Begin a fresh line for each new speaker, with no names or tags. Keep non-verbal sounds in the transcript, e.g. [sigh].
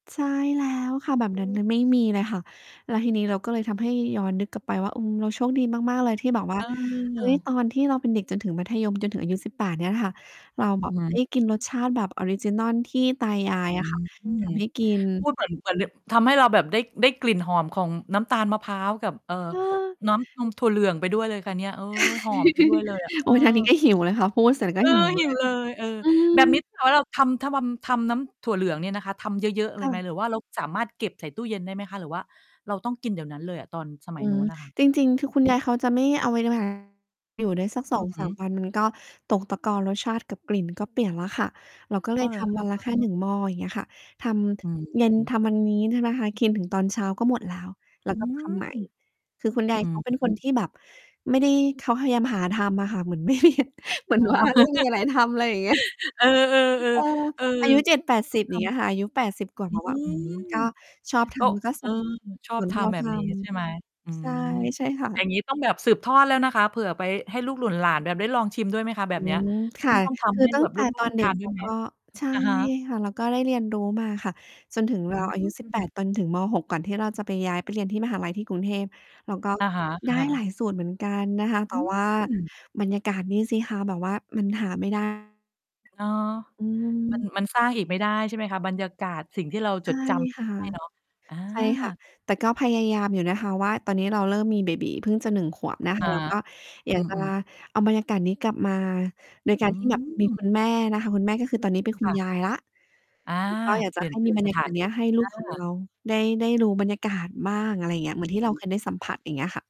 ใช่แล้วค่ะ แบบ
อ
น
ื
ั้นม
ม
ันไม่มีเลยค่ะ แล้วทีนี้เราก็เลยทำให้ย้อนนึกกลับไปว่า อืม เราโชคดีมาก ๆ เลยที่แบบว่
เ
า เฮ้ย
ออ
ตอนที่เราเป็นเด็กจนถึงมัธยมจนถึงอายุ 18 เนี่ยค่ะ เราแบ
อื
บ
อฮ
เฮ้
ึ
ย กินรสชาติแบบออริจินัลที่ตาย
อ
าย
ื
อะค
ม
่ะ ทำให้กิน
พูดเหมือน เหมือน ด ทำให้เราแบบได้ ได้กลิ่นหอมของน้ำตาลมะพร้าวกับ เอ่อ
เออ
น้ำนมถั่วเหลืองไปด้วยเลยค่ะเนี่ย เออ หอม ไป ด้วยเลยอะ เ
[laughs]
อ
โ
อ
อ๊ย! ทางนี้ก็หิวเลยค่ะ พูดเสร็จก็
เอ
หิ
อ
ว
ห
เ
ิ
ล
ว
ย
เลย เออ
อื
แบบนี้
ม
เรา ถ้าหากว่า เราทำ ทะมำ ทำน้ำถั่วเหลืองเนี่ยนะคะ ทำเยอะ ๆ เ
ค
ล
่
ยไหม
ะ
หรือว่าเราสามารถเก็บใส่ตู้เย็น ได้ไหมคะ หรือว่าเราต้องกินเดี๋ยวนั้นเลยอะ ตอนสมั
อื
ยน
ม
ู้นอะค่ะ?
จริง ๆ คือคุณยายเขาจะไม่เอา [unintelligible] อยู่ได้สัก ส
อ
อ
ื
ง
อฮ
ส
ึ
าม วัน ก็ตกตะกอนรสชาติกับกลิ่นก็เปลี่ยนแล้วค่ะ เราก็เล
อ้อ
ย
เหร
ท
อค
ำว
ะ
ันละแค
อ
่
้
หน
อ
ึ่ง หม้อ อย่างเงี้ยค่ะ ท
อื
ำ เย็น
ม
ทำวันนี้ ใช่ไหมคะ กินถึงตอนเช้าก็หมดแล้ว แล้
อ
ว
ื
ก็ท
ม
ำใหม่ คือคุณยา
อ
ย
ื
เขาเป็นคน
ม
ที่แบบ ไม่ได้ เขาพยายามหาทำอะค่ะ เหมือน เหมือ
อ
น
๋อ
ว่า ไม่มีอะไร
[laughs]
ทำ อะไรอย่างเงี้ย
เออ
เออ
ๆ ๆ เออ
อายุ เจ็ดแปด
ต
ส
้
ิ
อง
บ อ
ท
ย่างเงี้ยค่ะ อายุ 80 กว่า
ำ อ
แ
ื
ล้วอะ อื้อฮือ
ม
ก็ชอบท
ก็
ำแล้วก็ท
เ
ำ
ออ
[unintelligible]
ช
ส
อ
่
บ
วนท
ท
ี่เรา
ำแบ
ท
บนี้ใช่ไหม? อื
ำ ใช่
ม
ใช่ค่
อย่า
ะ
งงี้ต้องแบบสืบทอดแล้วนะคะ เผื่อไปให้ลูกหล่นหลานแบบได้ลองชิมด้วยไหมคะ แบ
อื
บเนี้ย
ม ค
ต้
่
อง
ะ
ต้องท
ค
ำ
ือ
ให้
ตั้
แบ
ง
บ
แต
ล
่
ู
ต
ก
อ
ๆ ได
น
้
เด
ท
็
า
ก
นด
เ
้
ร
ว
า
ยไหม?
ก็ ใช่
อะฮะ
ค่ะ เราก็ได้เรียนรู้มาค่ะ จนถึงเร
อื
าอายุ 18
ม
จนถึง ม.6 ก่อนที่เราจะไปย้ายไปเรียนที่มหาลัยที่กรุงเทพ เราก็
อะฮะ
ได้หล
ๆ
ายสูตรเหมือนกันนะคะ แ
อ
ต่
ื
ว่า
ม
บรรยากาศนี่สิคะ แบบว่ามันหาไม่ ได้
เนาะ
อื
มัน
ม
มันสร้างอีกไม่ได้ใช่ไหมคะ? บรรยากาศสิ่งที่เรา
ใช
จ
่
ด จ
ค่ะ
ำได้เนาะ อ
ใช่ค่ะ
า
แต่ก็พยายามอยู่นะคะ ว่าตอนนี้เราเริ่มมีเบบี๋เพิ่งจะ 1 ขวบนะค
อ
ะ
า
เราก็อย
อื
ากจะลา
ม ๆ
เอาบรรยากาศนี้กลับมาโดยก
อ
าร
ื
ที่แบบมี
ม
คุณแม่นะคะ คุณแม่ ก็คือตอนนี้เป็นคุ
ค
ณ
่ะ
ยายแล้ว
อา
ก็อยาก
เป
จะ
ลี่
ใ
ย
ห
น
้
เปล
ม
ี
ี
่ยน
บร
ส
รยา
ถ
ก
า
าศ
น
เ
ท
นี
ี
้
่
ยให้ลูก ของ
อ
เร
า
าได้ ได้รู้บรรยากาศบ้าง อะไรอย่างเงี้ย เหมื
อ
อ
ื
น
อ
ที่
ฮ
เราเค
ึ
ยได้สัมผัส อย่างเงี้ยค่ะ